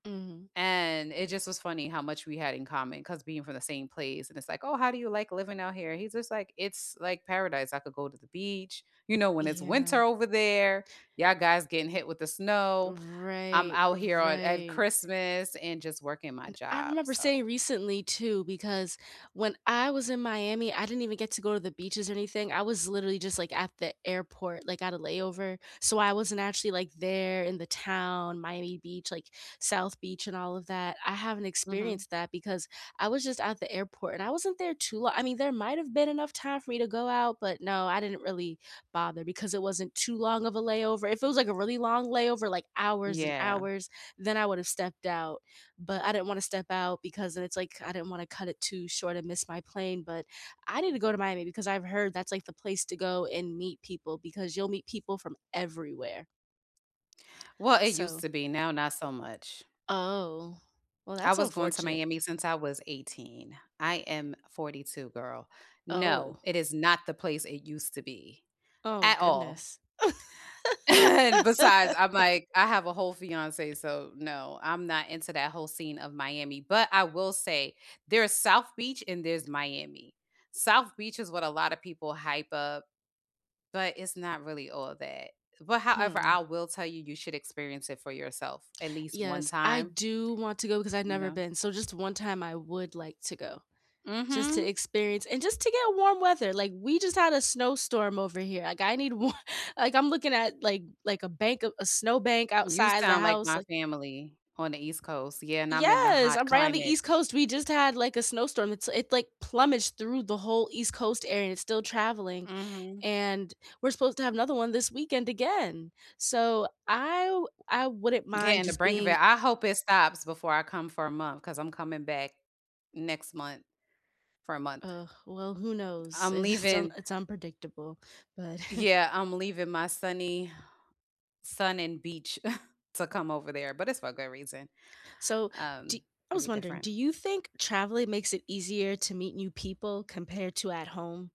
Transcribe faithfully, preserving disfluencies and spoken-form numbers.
Mhm. And, it just was funny how much we had in common 'cause being from the same place and it's, like, "Oh, how do you like living out here?" He's just like, "It's, like, paradise, I could go to the beach" you know, when it's winter Yeah. over there, y'all guys getting hit with the snow. I'm Right, out here on at right. Christmas and just working my And, I job, remember so saying recently too because when I was in Miami, I didn't even get to go to the beaches or anything, I was literally just, like, at the airport, like, at a layover, so I wasn't actually, like, there in the town, Miami Beach, like, South Beach and all of that, I haven't Mhm. experienced that because I was just at the airport and I wasn't there too lo I mean, there might’ve been enough time for me to go out, but, no, I didn't really bother because it wasn't too long of a layover, if it was, like, a really long layover, like, hours and Yeah. hours, then I would’ve stepped out, but I didn't want to step out because then it's, like, I didn't want to cut it too short and miss my plane, but I need to go to Miami because I've heard that's, like, the place to go and meet people because you'll meet people from everywhere. Well, it used So to be, now not so much. Oh, well, I that's was going to unfortunate. Miami since I was eighteen, I am forty two, girl, Oh. no, it is not the place it used to be Oh at all. goodness. And, besides, I'm, like I have a whole fiance, so, no, I'm not into that whole scene of Miami, but I will say there's South Beach and there's Miami. South Beach is what a lotta people hype up. But, it's not really all that, but however, Hmm. I will tell you, you should experience it for yourself at least one Yes, I time. do want to go 'cause I've You never know? been, so just one time I would like to go. Just to Mhm. experience and just to get warm weather, like, we just had a snowstorm over here, like I need wa like, I'm looking at, like like a bank of a snow bank You outside the sound like house, my like family on the East Coast yeah, and I'm in the Yes, hot I'm right on the climate. East Coast, we just had, like, a snowstorm, it's it, like, plumaged through the whole East Coast area and it's still traveling, Mhm. and we're supposed to have another one this weekend again, so I w I wouldn't mind Getting the just brink of being it, I hope it stops before I come for a month, 'cause I'm coming back next month for a month. Ugh, well, who knows, I'm it's it's un leaving it's unpredictable, but yeah, I'm leaving my sunny sun and beach to come over there, but it's for a good reason. So, do Um, I it'll was be wondering, do different. you think traveling makes it easier to meet new people compared to at home?